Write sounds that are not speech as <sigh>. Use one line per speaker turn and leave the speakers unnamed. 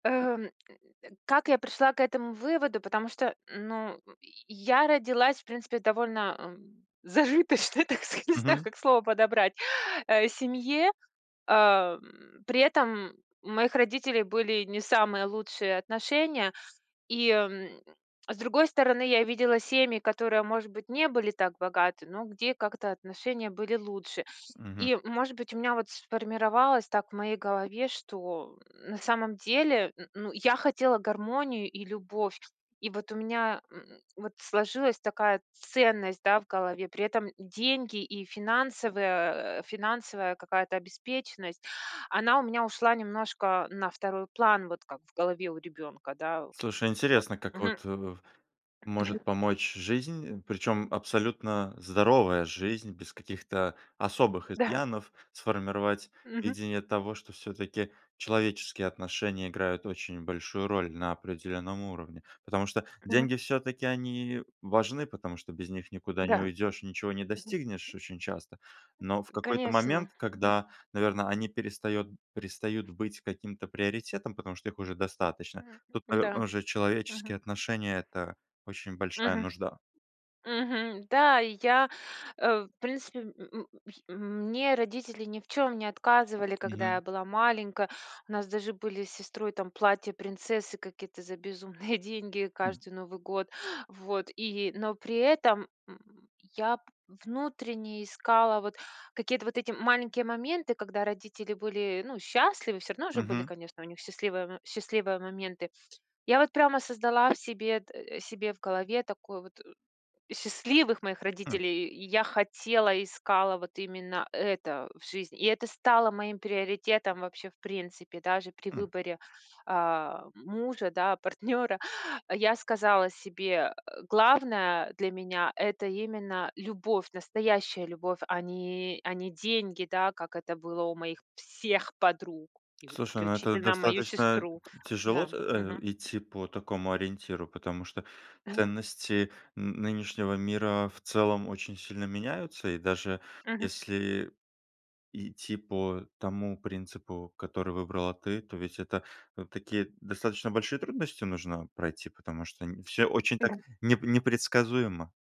Эм, <grunts> как я пришла к этому выводу? Потому что, ну, <grunts> я родилась в принципе довольно зажиточной, так сказа не знаю,
Мгм.
как слово подобрать, <inhales> э, семье. Ам, при этом у моих родителей были не самые лучшие отношения. И, м, <smacks lips> с другой стороны, я видела семьи, которые, может быть, не были так богаты, но где как-то отношения были лучше.
Мгм.
И, может быть, у меня вот сформировалось так в моей голове, что на самом деле, н ну, я хотела гармонию и любовь, и вот у меня <grunts> вот сложилась такая ценность, да, в голове. При этом деньги и финансовая финансовая какая-то обеспеченность, она у меня ушла немножко на второй план вот, как в голове у ребенка, да.
Слушай,
Вот.
интересно, как
Мгм.
вот, э, может помочь жизнь, причём абсолютно здоровая жизнь, без каких-то особых
Да.
изъянов, сформировать
Мгм.
видение того, что всё-таки человеческие отношения играют очень большую роль на определённом уровне. Потому что
Мгм.
деньги, всё-таки они важны, потому что без них никуда не
Да.
уйдешь, ничего не
Мгм.
достигнешь очень часто. Но в какой-то момент,
Конечно, мгм.
когда, наверно, они перестает перестают быть каким-то приоритетом, потому что их уже достаточно,
Мгм,
тут,
да,
наверно, уже человеческие
мгм.
отношения- это очень большая
Мгм.
нужда.
Мгм, да, я, э, в принципе, <grunts> мне родители ни в чём не отказывали, когда я
Мгм.
была маленькая. У нас даже были с сестрой там платья принцессы какие-то за безумные деньги
Хм.
каждый Новый год. Вот. И но при этом <grunts> я внутренне искала вот какие-то вот эти маленькие моменты, когда родители были, ну, счастливы, всё равно же были,
Мгм.
конечно, у них счастливые м счастливые моменты. Я вот прямо создала себе д себе в голове такой вот счастливых моих
Хм.
родителей, и я хотела, искала вот именно это в жизни. И это стало моим приоритетом вообще в принципе даже при
Хм.
выборе, а, мужа, да, партнёра, я сказала себе: "Э. Главное для меня- это именно любовь, настоящая любовь а не, а не деньги", да, как это было у моих всех подруг и
Слушай, ну, это
включительно мою
достаточно
сестру.
тяжело
Да,
т э,
мгм.
идти по такому ориентиру, потому что ценности н нынешнего мира в целом очень сильно меняются. И даже
Мгм.
если идти по тому принципу, который выбрала ты, то ведь это такие достаточно большие трудности нужно пройти, потому что не всё очень так
Мгм.
не непредсказуемо.